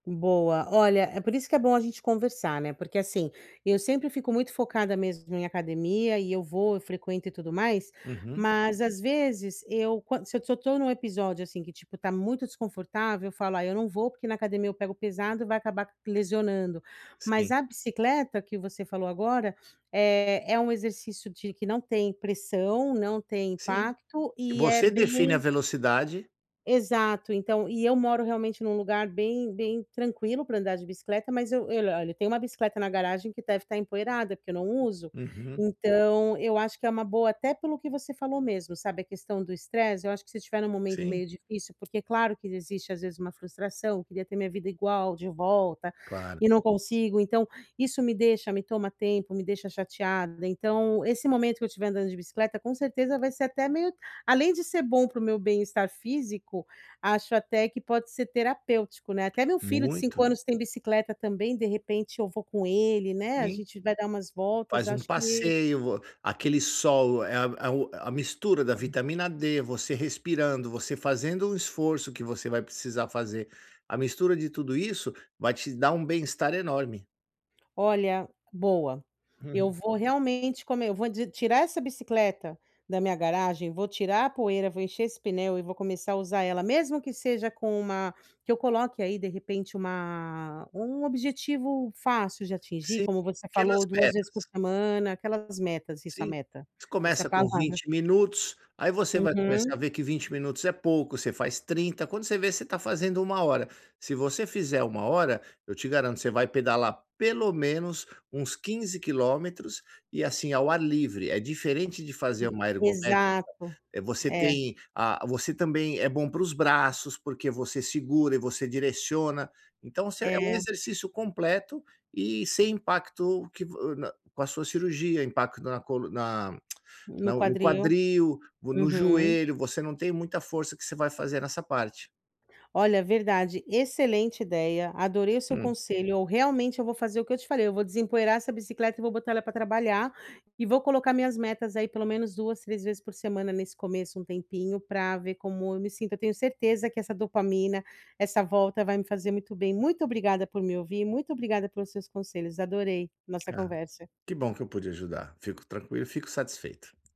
Boa, olha, é por isso que é bom a gente conversar, né, porque assim, eu sempre fico muito focada mesmo em academia e eu vou, eu frequento e tudo mais. Uhum. Mas às vezes eu quando se se eu tô num episódio assim que tipo tá muito desconfortável, eu falo: “Ai, eu não vou porque na academia eu pego pesado e vai acabar lesionando.”, mas Sim. a bicicleta que você falou agora, eh, é um exercício de que não tem pressão, não tem Sim. impacto e é Você define a bem velocidade. Exato, então, e eu moro realmente num lugar bem, bem tranquilo pra andar de bicicleta, mas eu eu, olha, tenho uma bicicleta na garagem que deve estar empoeirada porque eu não uso. Uhum. Então, eu acho que é uma boa, até pelo que você falou mesmo, sabe, a questão do estresse. Eu acho que se eu estiver num momento Sim. meio difícil porque claro que existe às vezes uma frustração, queria ter minha vida igual de volta, Claro. e não consigo, então isso me deixa, me toma tempo, me deixa chateada. Então, esse momento que eu estiver andando de bicicleta com certeza vai ser até meio além de ser bom pro meu bem-estar físico, acho até que pode ser terapêutico, né. Até meu filho de 5 Muito. anos tem bicicleta também, de repente eu vou com ele, né, a Sim. gente vai dar umas voltas, Faz um acho que passeio, vo aquele sol, eh, o a mistura da vitamina D, você respirando, você fazendo um esforço que você vai precisar fazer, a mistura de tudo isso vai te dar um bem-estar enorme. Olha, boa, eu Uhum. vou realmente come vou ti tirar essa bicicleta da minha garagem, vou tirar a poeira, vou encher esse pneu e vou começar a usar ela mesmo que seja com uma que eu coloque aí de repente uma um objetivo fácil de atingir Sim, como você pequenas falou 2 vezes por metas. semana, aquelas metas isso a Sim. meta, Você essa é a começa com palavra. 20 minutos, aí você vai começar Uhum. a ver que 20 minutos é pouco, você faz 30, quando você ver você tá fazendo 1 hora, se você fizer 1 hora, eu te garanto, você vai pedalar pelo menos uns 15 quilômetros, e assim, ao ar livre, é diferente de fazer uma ergométrica, Exato, é você é. tem ah, você também é bom para os braços porque você segura e você direciona, então você é um É. exercício completo e sem impacto que vo no com a sua cirurgia, impacto na col na No no quadril, quadril, no uhum. joelho, você não tem muita força que você vai fazer nessa parte. Olha verdade, excelente ideia, adorei o seu Hum. conselho eu realmente eu vou fazer o que eu te falei, vou desempoeirar essa bicicleta e vou botar ela pra trabalhar. E vou colocar minhas metas aí pelo menos 2, 3 vezes por semana nesse começo um tempinho pra ver como eu me sinto, eu tenho certeza que essa dopamina, essa volta vai me fazer muito bem, muito obrigada por me ouvir, muito obrigada pelos seus conselhos, adorei nossa Ah conversa. que bom que eu pude ajudar, fico tranquilo, fico satisfeito.